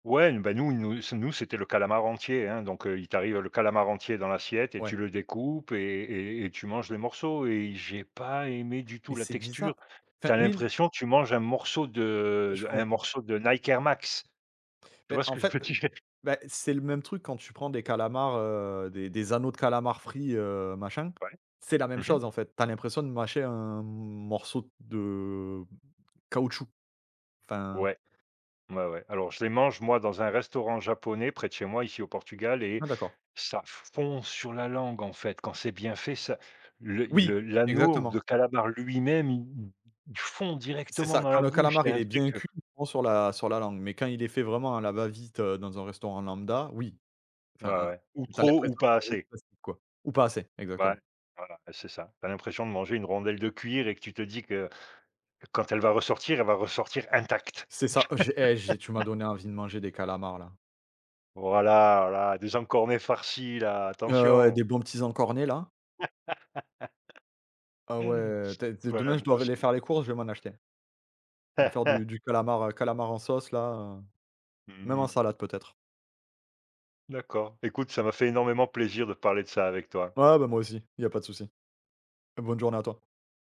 Ouais n bah, nous, nous c nous c'était le calamar entier, hein. Donc, heu, il t'arrive le calamar entier dans l'assiette et Ouais. tu le découpes et et et tu manges les morceaux et i j'ai pas aimé du tout Mais la c'est texture. biza Tu enfin as oui n l'impression que tu manges un morceau de Je d un comprends. morceau de Nike Air Max. Tu Mais vois ce en que je fait, veux heu, l dire? bah, c'est le même truc quand tu prends des calamars, heu, des des anneaux de calamars frits, heu, machin, Ouais, c'est la même mmh mh. chose en fait. Tu as l'impression de mâcher un m morceau de caoutchouc, enfin Ouais, ouais ouais. Alors je les mange moi dans un restaurant japonais près de chez moi ici au Portugal et Ah d'accord. ça fond sur la langue en fait quand c'est bien fait, ça le i Oui! le l'anneau Exactement. de calamar lui-même, il i i il fond C'est directement ça, dans quand la le bouche, il calamar y a il un est bien truc heu cuit, il fond sur la sur la langue, mais quand il est fait vraiment à la va-vite, heu, dans un restaurant lambda, oui. Ouais, Enfin, hein, ouais ou tu as trop ou l'impression de pas manger du assez. plastique quoi. Ou pas assez exactement. Voil voilà et c'est ça, tu as l'impression de manger une rondelle de cuir et que tu te dis que que quand elle va ressortir, elle va ressortir intacte. C'est ça, heu, je eh! J'ai tu m'as donné envie de manger des calamars là. Voilà, voilà, des encornets farcis là, Ouais, ouais, ouais, attention! des bons petits encornets là. Ah ouais, tè t Ouais demain je moi dois v aller aussi. faire les courses, je vais m'en acheter. Je vais me faire du du calamar, heu, calamar en sauce là, heu, même en Mmh. salade peut-être. D'accord, écoute ça m'a fait énormément plaisir de parler de ça avec toi. Ouais, bah, moi aussi, il y a pas de souci. Bonne journée à toi.